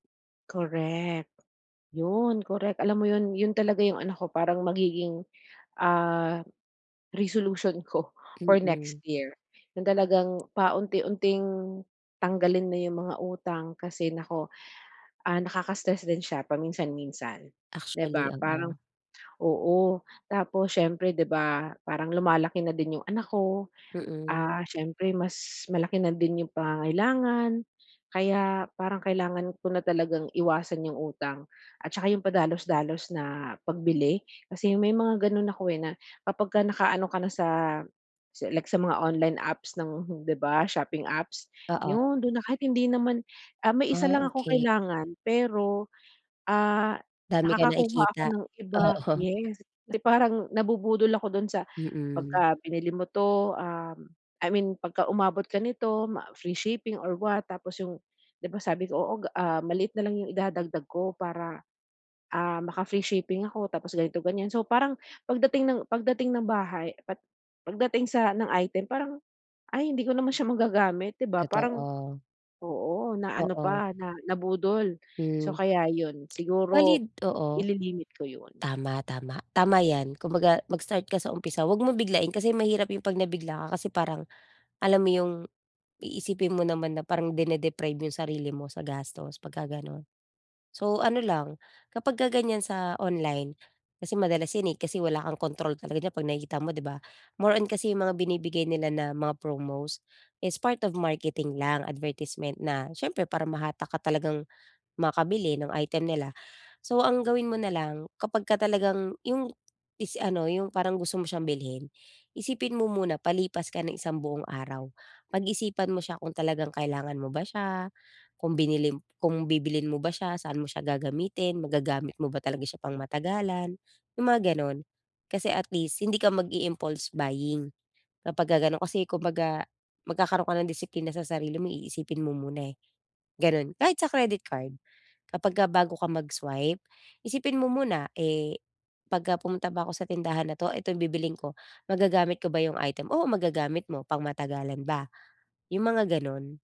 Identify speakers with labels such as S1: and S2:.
S1: Correct, 'yon correct. Alam mo yon, yon talaga yung ano ko parang magiging, ah, resolution ko for next
S2: Mm.
S1: year. Yung talagang paunti-unting tanggalin na yung mga utang kasi naku, ah, nakaka-stress din siya paminsan-minsan, di
S2: Actually,
S1: ba? Parang
S2: oo.
S1: oo, tapos siyempre 'di ba, parang lumalaki na din yung anak ko,
S2: Mm.
S1: ah, siyempre mas malaki na din yung pangangailangan. Kaya parang kailangan ko na talagang iwasan yung utang at 'tsaka yung padalos-dalos na pagbili kasi may mga ganon ako, eh, na kapagka nakaano ka na sa sa like sa mga online apps ng di ba, shopping apps
S2: Oo.
S1: yon do'n na. Kahit hindi naman, ah may isa
S2: Ah,
S1: lang akong
S2: okey.
S1: kailangan pero, ah,
S2: Dami ka
S1: nakakakuha ako
S2: nakikita,
S1: ng iba.
S2: oo.
S1: Yes! 'Di parang nabubudol ako do'n sa,
S2: Mm.
S1: pagka binili mo to, uhm I mean pagka umabot ka nito ma free shipping or what tapos yung, di ba, sabi ko oo g, ah, maliit na lang yung idadagdag ko para, ah, maka free shipping ako tapos ganito ganyan. So, parang pagdating ng pagdating ng bahay at pagdating sa ng item parang, "Ay hindi ko naman siya magagamit." Di ba? Parang
S2: Totoo.
S1: oo, na ano
S2: Oo.
S1: pa na nabudol, so,
S2: Hmm.
S1: kaya yon
S2: Valid
S1: siguro
S2: oo
S1: ili-limit ko yon.
S2: tama, tama, tama yan. Kumbaga mag-start ka sa umpisa, huwag mo biglain kasi mahirap yung pag nabigla ka kasi parang alam mo yung iisipin mo naman na parang dine deprive yung sarili mo sa gastos pagka ganon. So, ano lang kapagka ganyan sa online kasi madalas yan, eh, kasi wala kang kontrol talaga diyan pag nakikita mo, di ba? More on kasi yung mga binibigay nila na mga promos is part of marketing lang, advertisement na siyempre para mahatak ka talagang makabili ng item nila. So, ang gawin mo na lang kapagka talagang yung is ano yung parang gusto mo siyang bilhin isipin mo muna palipas ka ng isang buong araw. Pag-isipan mo siya kung talagang kailangan mo ba siya, kung binili kung bibilhin mo ba siya, saan mo siya gagamitin, magagamit mo ba talaga siya pangmatagalan, yung mga ganon. Kasi at least hindi ka mag-i impulse buying kapagka ganon kasi kumbaga, magkakaroon ka ng disiplina sa sarili mo, iisipin mo muna, eh, ganon. Kahit sa credit card kapagka bago ka mag-swipe isipin mo muna, "Eh, pagka pumunta ba ako sa tindahan na 'to, ito yung bibilhin ko, magagamit ko ba yung item?" Oo, magagamit mo, pangmatagalan ba? Yung mga ganon.